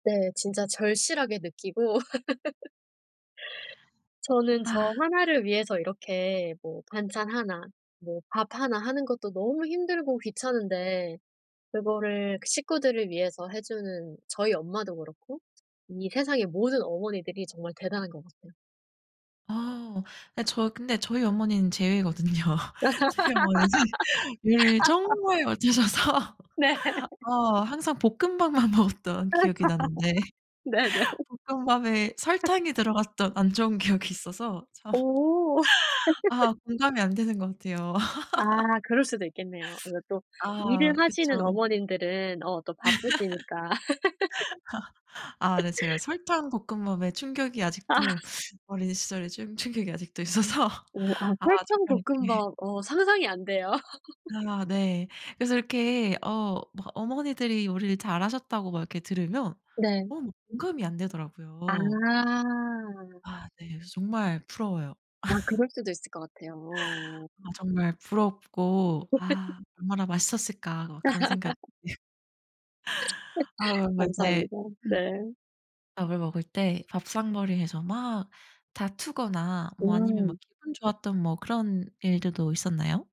네. 진짜 절실하게 느끼고 저는 아. 저 1 를 위해서 이렇게 뭐 반찬 1 뭐 밥 1 하는 것도 너무 힘들고 귀찮은데 그거를 그 식구들을 위해서 해주는 저희 엄마도 그렇고 이 세상의 모든 어머니들이 정말 대단한 것 같아요. 아 네. 저 근데 저희 어머니는 제외거든요. 저희 어머니는 요리를 정말 못하셔서 네. 어 항상 볶음밥만 먹었던 기억이 나는데 네네. 볶음밥에 설탕이 들어갔던 안 좋은 기억이 있어서 참 오. 아 공감이 안 되는 것 같아요. 아 그럴 수도 있겠네요. 그리고 또 일을 아 하시는 그쵸. 어머님들은 어 또 바쁘시니까. 아 네. 제가 설탕 볶음밥에 충격이 아. 아직도 어린 시절에 좀 충격이 아직도 있어서 오 아 아 설탕 정말 이렇게 볶음밥. 어 상상이 안 돼요. 아 네. 그래서 이렇게 어 뭐 "어머니들이 요리를 잘하셨다."고 막 이렇게 들으면 네. 어 뭐 공감이 아. 안되더라고요. 아 네. 그래서 정말 부러워요. 아 그럴 수도 있을 것 같아요. 아 정말 부럽고 '아 얼마나 맛있었을까?" 막 그런 생각이 아 그래서 이제 감사합니다. 네. 밥을 먹을 때 밥상머리에서 막 다투거나 뭐 아니면 막 음. 기분 좋았던 뭐 그런 일들도 있었나요?